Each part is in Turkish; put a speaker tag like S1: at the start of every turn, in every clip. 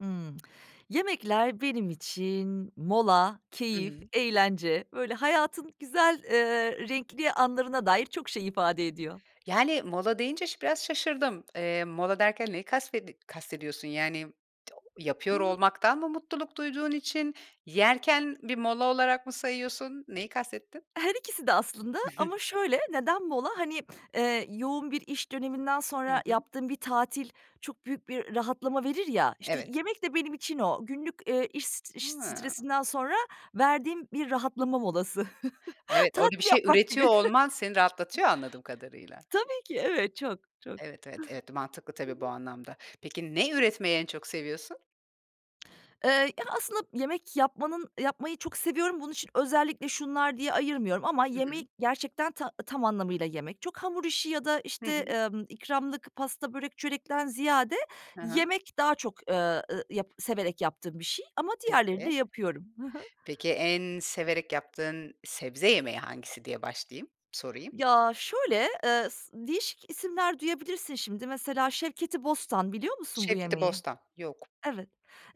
S1: Imm, yemekler benim için mola,
S2: Hı
S1: keyif,
S2: hı.
S1: eğlence, böyle, hayatın güzel, eee, renkli anlarına dair çok şey ifade ediyor.
S2: Yani, mola deyince şı biraz şaşırdım. Eee, mola derken neyi kasvedi kastediyorsun? Yani, t yapıyor
S1: Imm.
S2: olmaktan mı mutluluk duyduğun için yerken bir mola olarak mı sayıyorsun? Neyi kastettin?
S1: Her ikisi de aslında ama şöyle, neden mola? Hani, eee, yoğun bir iş döneminden
S2: Hı
S1: sonra
S2: hı.
S1: yaptığın bir tatil çok büyük bir rahatlama verir ya, işte,
S2: Evet.
S1: yemek de benim için o. Günlük, eee, iş st iş
S2: Hıı.
S1: stresinden sonra verdiğim bir rahatlama molası.
S2: Evet. Orada bir
S1: Tatil
S2: şey
S1: yapmak
S2: üretiyor
S1: gibi.
S2: olman seni rahatlatıyor anladığım kadarıyla.
S1: Tabii ki, evet, çok, çok.
S2: Evet, evet, evet. Mantıklı
S1: Hı
S2: tabii bu
S1: hı.
S2: anlamda. Peki, ne
S1: Hı hı.
S2: üretmeyi en çok seviyorsun?
S1: Eee, ya, aslında yemek yapmanın yapmayı çok seviyorum bunun için özellikle şunlar diye ayırmıyorum ama
S2: Hı hı.
S1: yemeği gerçekten ta tam anlamıyla yemek. Çok hamur işi ya da,
S2: Hı
S1: işte,
S2: hı.
S1: ımm, ikramlık, pasta, börek, çörekten ziyade
S2: Hı hı.
S1: yemek daha çok, eee, eee, yap severek yaptığım bir şey ama diğerlerini de
S2: Peki.
S1: yapıyorum. Hı hı.
S2: Peki, en severek yaptığın sebze yemeği hangisi diye başlayayım, sorayım.
S1: Ya, şöyle, eee, sı değişik isimler duyabilirsin şimdi mesela şevketi bostan, biliyor musun bu
S2: Şevketi
S1: yemeği?
S2: bostan. Yok.
S1: Evet.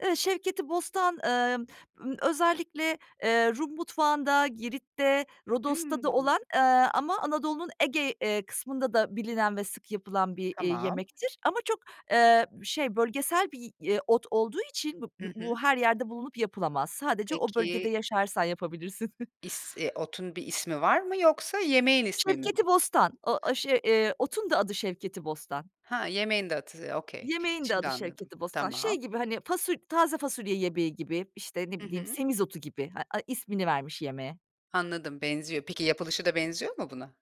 S1: Eee, şevketi bostan, emm, ımm, özellikle, eee, Rum mutfağında, Girit'te, Rodos'ta da
S2: Imm.
S1: olan, eee, ama Anadolu'nun Ege, eee, kısmında da bilinen ve sık yapılan bir, iii,
S2: Tamam.
S1: yemektir ama çok, eee, şey, bölgesel bir, ııı, ot olduğu için b b
S2: Hı hı.
S1: bu her yerde bulunup yapılamaz. Sadece o bölgede
S2: Peki
S1: yaşarsan yapabilirsin.
S2: is eee, otun bir ismi var mı yoksa yemeğin ismi mi bu?
S1: Şevketi bostan, o a şey, eee, otun da adı şevketi bostan.
S2: Ha, yemeğin de adı. Okay.
S1: Yemeğin de
S2: Şimdi
S1: adı
S2: anladım.
S1: şevketi bostan. Şey
S2: Tamam.
S1: gibi, hani, fasul taze fasulye yemeği gibi, işte, ne
S2: Hı
S1: bileyim
S2: hı.
S1: semizotu gibi, ha a ismini vermiş yemeğe.
S2: Anladım, benziyor. Peki, yapılışı da benziyor mu buna?